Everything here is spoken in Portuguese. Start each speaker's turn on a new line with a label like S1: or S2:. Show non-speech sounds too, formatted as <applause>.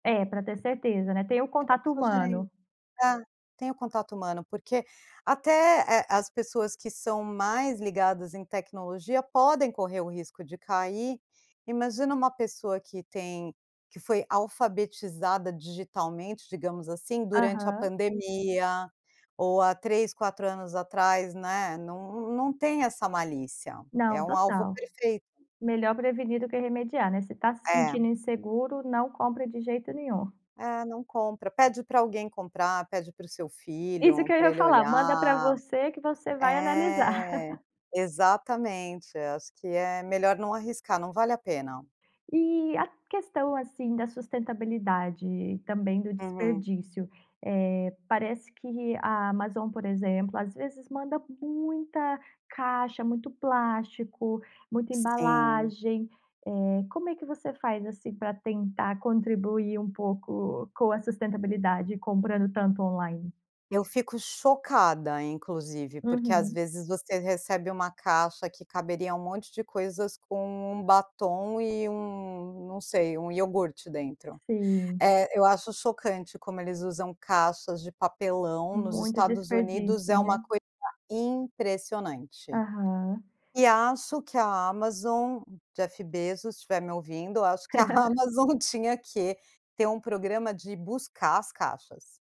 S1: É, pra ter certeza, né, tem o
S2: Nem dá
S1: contato
S2: pra sugerir
S1: humano.
S2: é, tem o contato humano, porque até, eh, as pessoas que são mais ligadas em tecnologia, podem correr o risco de cair, imagina uma pessoa que tem que foi alfabetizada digitalmente, digamos assim, durante a
S1: Aham.
S2: pandemia, ou há 3, 4 anos atrás, né, não não tem essa malícia, é
S1: Não,
S2: um alvo
S1: total.
S2: perfeito.
S1: Melhor prevenir do que remediar, né, se tá se
S2: É.
S1: sentindo inseguro, não compre de jeito nenhum.
S2: É, não compra. Pede pra alguém comprar, pede para o seu
S1: Isso que
S2: filho,
S1: eu
S2: pra
S1: ia
S2: ele
S1: falar, manda pra
S2: olhar.
S1: você, que você vai analisar.
S2: É.
S1: <laughs>
S2: Exatamente, acho que é melhor não arriscar, não vale a pena.
S1: E a questão, assim, da sustentabilidade e também do
S2: Uhum.
S1: desperdício, eh, parece que a Amazon, por exemplo, às vezes manda muita caixa, muito plástico, muita
S2: Sim.
S1: embalagem, eh, como é que você faz, assim, pra tentar contribuir um pouco com a sustentabilidade, comprando tanto online?
S2: Eu fico chocada, inclusive, porque às
S1: Uhum.
S2: vezes você recebe uma caixa que caberia um monte de coisas, com 1 batom e 1, não sei, 1 iogurte dentro.
S1: Sim.
S2: É, eu acho chocante como eles usam caixas de papelão, nos
S1: Muito
S2: Estados Unidos
S1: desperdício,
S2: é uma
S1: né.
S2: coisa impressionante.
S1: Aham.
S2: E acho que a Amazon, Jeff Bezos, se estiver me ouvindo, acho que a
S1: <laughs>
S2: Amazon tinha que ter um programa de buscar as caixas.